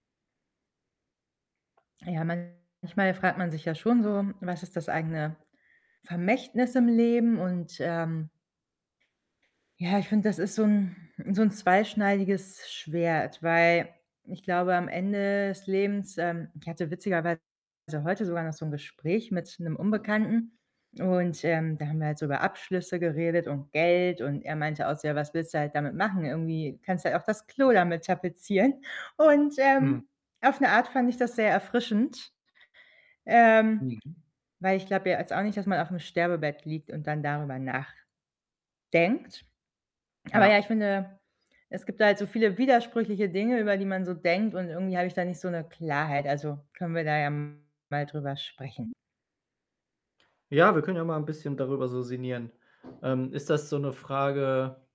Ja, manchmal fragt man sich ja schon so: Was ist das eigene Vermächtnis im Leben? Und, ähm, ja, ich finde, das ist so 'n so 'n zweischneidiges Schwert, weil ich glaube, am Ende des Lebens, ähm ich hatte witzigerweise heute sogar noch so 'n Gespräch mit 'nem Unbekannten, und, ähm, da haben wir halt über Abschlüsse geredet und Geld, und er meinte auch so: „Ja, was willst du halt damit machen? Irgendwie kannst du ja auch das Klo damit tapezieren.” Und, ähm, Mhm. auf 'ne Art fand ich das sehr erfrischend, ähm, Mhm. weil ich glaube ja jetzt auch nicht, dass man auf 'nem Sterbebett liegt und dann darüber nachdenkt. Aber, ja, Ja. ich finde, es gibt da halt so viele widersprüchliche Dinge, über die man so denkt und irgendwie habe ich da nicht so 'ne Klarheit. Also, können wir da ja mal drüber sprechen. Ja, wir können ja mal 'n bisschen darüber so sinnieren. Ähm, ist das so 'ne Frage